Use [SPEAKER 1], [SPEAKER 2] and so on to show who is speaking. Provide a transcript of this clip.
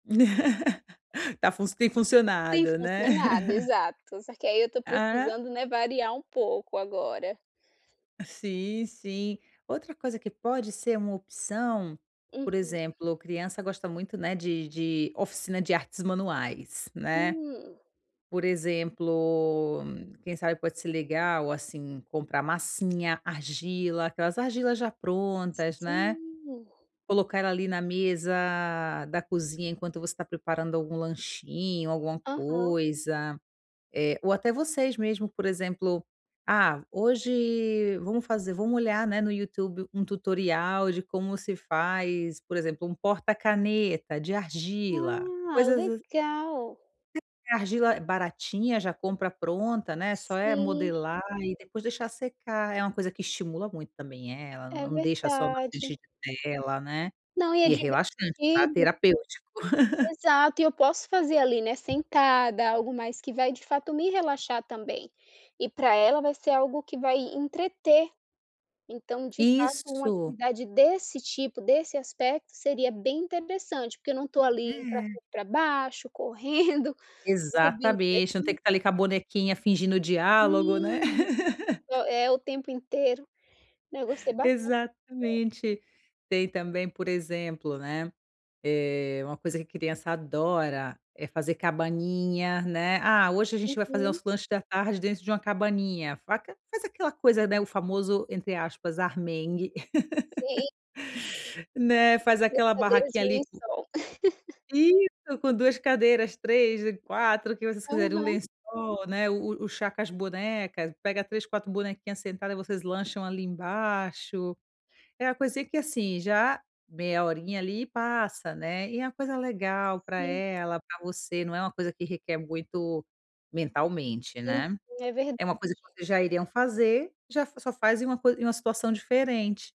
[SPEAKER 1] Tá func tem
[SPEAKER 2] Tem
[SPEAKER 1] funcionado, né.
[SPEAKER 2] funcionado, exato. Só que aí eu tô
[SPEAKER 1] Ah.
[SPEAKER 2] precisando, né, variar um pouco agora.
[SPEAKER 1] Sim, sim. Outra coisa que pode ser uma opção, por
[SPEAKER 2] Uhum.
[SPEAKER 1] exemplo, criança gosta muito, né, de de oficina de artes manuais, né.
[SPEAKER 2] Hum.
[SPEAKER 1] Por exemplo, quem sabe pode ser legal, assim, comprar massinha, argila, aquelas argilas já prontas, né.
[SPEAKER 2] Sim.
[SPEAKER 1] Colocar ela ali na mesa da cozinha, enquanto você tá preparando algum lanchinho, alguma
[SPEAKER 2] Aham.
[SPEAKER 1] coisa. Eh, ou até vocês mesmo, por exemplo: "Ah, hoje vamos fazer vamos olhar, né, no YouTube um tutorial de como se faz, por exemplo, um porta caneta de argila".
[SPEAKER 2] Ah,
[SPEAKER 1] Coisas ass
[SPEAKER 2] legal.
[SPEAKER 1] [unintelligible] argila baratinha, já compra pronta, né, só é
[SPEAKER 2] Sim.
[SPEAKER 1] modelar, e depois deixar secar. É uma coisa que estimula muito também, eh, ela
[SPEAKER 2] É
[SPEAKER 1] não deixa só na
[SPEAKER 2] verdade.
[SPEAKER 1] frente de tela, né.
[SPEAKER 2] Não, e é
[SPEAKER 1] E é relaxante, tá.
[SPEAKER 2] divertido.
[SPEAKER 1] Terapêutico.
[SPEAKER 2] Exato, e eu posso fazer ali, né, sentada, algo mais que vai de fato me relaxar também. E pra ela vai ser algo que vai entreter. Então, de fato, uma
[SPEAKER 1] Isso.
[SPEAKER 2] atividade desse tipo, desse aspecto, seria bem interessante, porque eu não tô ali pra
[SPEAKER 1] É.
[SPEAKER 2] cima e pra baixo, correndo, subindo e
[SPEAKER 1] Exatamente. Não tem
[SPEAKER 2] descendo
[SPEAKER 1] que tá ali com a bonequinha, fingindo diálogo, né.
[SPEAKER 2] Sim. É o tempo inteiro. Não, eu gostei bastante dessa ideia.
[SPEAKER 1] Exatamente. Tem também, por exemplo, né, eh, uma coisa que criança adora é fazer cabaninha, né. "Ah, hoje a gente vai fazer
[SPEAKER 2] Uhum.
[SPEAKER 1] nosso lanche da tarde dentro de uma cabaninha", faca faz aquela coisa, né, o famoso, entre aspas, "armengue".
[SPEAKER 2] Sim.
[SPEAKER 1] Né, faz aquela
[SPEAKER 2] Brincadeiras de
[SPEAKER 1] barraquinha ali
[SPEAKER 2] lençol.
[SPEAKER 1] Isso, com 2 cadeiras, 3 e 4, o que vocês quiserem. Um
[SPEAKER 2] Aham.
[SPEAKER 1] lençol, né, o o chá com as bonecas. Pega 3, 4 bonequinhas sentadas, e vocês lancham ali embaixo. É a coisinha que assim, já, meia horinha ali, e passa, né. E é uma coisa legal pra
[SPEAKER 2] Sim.
[SPEAKER 1] ela, pra você, não é uma coisa que requer muito mentalmente,
[SPEAKER 2] Uhum.
[SPEAKER 1] né.
[SPEAKER 2] É verdade.
[SPEAKER 1] É uma coisa que vocês já iriam fazer, já fa só faz em uma coi em uma situação diferente.